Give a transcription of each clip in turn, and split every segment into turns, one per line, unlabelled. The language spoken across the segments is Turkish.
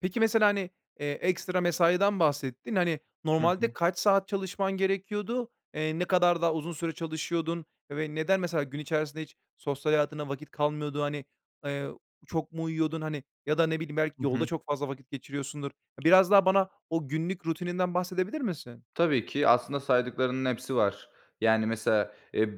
Peki mesela, hani, eee, ekstra mesaiden bahsettin. Hani,
Hı hı.
normalde kaç saat çalışman gerekiyordu? Eee, ne kadar daha uzun süre çalışıyordun? Ve neden mesela gün içerisinde hiç sosyal hayatına vakit kalmıyordu? Hani, eee, çok mu uyuyordun? Hani, ya da ne bileyim belki
Hı
yolda
hı.
çok fazla vakit geçiriyorsundur? Biraz daha bana o günlük rutininden bahsedebilir misin?
Tabii ki, aslında saydıklarının hepsi var. Yani mesela, eee,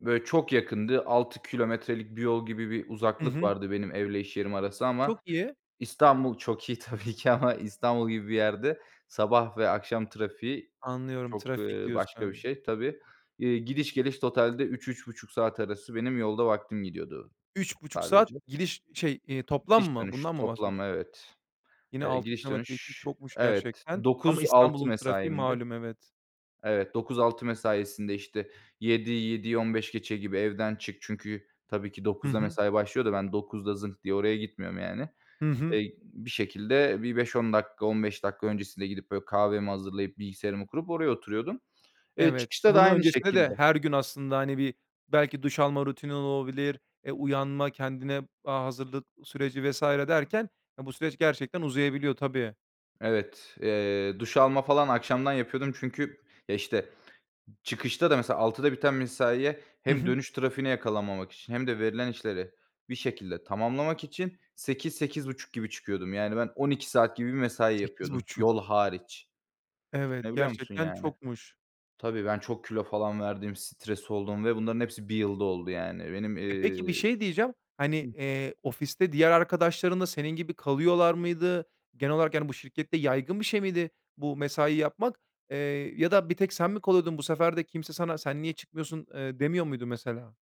böyle, çok yakındı. 6 kilometrelik bir yol gibi bir
Hı
uzaklık
hı.
vardı benim evle iş yerim arası.
Çok
Ama
iyi.
İstanbul çok iyi tabii ki, ama İstanbul gibi bir yerde sabah ve akşam trafiği
Anlıyorum,
çok,
trafik
ııı, başka bir
diyorsun.
şey tabii. İii, gidiş geliş totalde 3-3.30 saat arası benim yolda vaktim gidiyordu
3.30 saat
sadece.
gidiş. Şey, iii, toplam mı?
Gidiş-dönüş
Bundan mı bahsediyorsun?
toplam, evet.
Yine
Eee,
6 kilometre için
gidiş-dönüş,
çokmuş
evet.
gerçekten. Ama
9:00-18:00
İstanbul'un trafiği
mesaimdi.
malum, evet.
Evet, 9:00-18:00 mesaisinde, işte, 7:00'yi, 7:15 gibi evden çık. Çünkü tabii ki,
Hı
9:00'da
hı.
mesai başlıyor da, ben 9:00'da zınk diye oraya gitmiyorum yani.
Hı hı.
Eee, bir şekilde bir 5- 10 dakika, 15 dakika öncesinde gidip, böyle kahvemi hazırlayıp, bilgisayarımı kurup, oraya oturuyordum. Eee,
Evet. Eee,
çıkışta da
bundan
aynı
öncesinde de
şekilde.
her gün aslında, hani, bir belki duş alma rutinin olabilir. Eee, uyanma, kendine, aaa, hazırlık süreci vs. derken, eee, bu süreç gerçekten uzayabiliyor, tabii.
Evet. Eee, duş alma falan akşamdan yapıyordum. Çünkü, eee, işte çıkışta da mesela, 18:00'da biten mesaiye
Hı
hem
hı.
dönüş trafiğine yakalanmamak için hem de verilen işleri bir şekilde tamamlamak için 8:00-8:30 gibi çıkıyordum. Yani, ben 12 saat gibi bir mesai
sekiz
yapıyordum.
buçuk!
Yol hariç!
Evet,
Düşünebiliyor musun
gerçekten
yani?
çokmuş.
Tabii, ben çok kilo falan verdim, stres oldum ve bunların hepsi 1 yılda oldu yani. Benim,
E, peki, bir
eee
şey diyeceğim. Hani,
Hı.
eee, ofiste diğer arkadaşların da senin gibi kalıyorlar mıydı? Genel olarak yani bu şirkette yaygın bir şey miydi bu mesai yapmak? Eee, ya da bir tek sen mi kalıyordun? Bu sefer de kimse sana "Sen niye çıkmıyorsun?" eee, demiyor muydu mesela?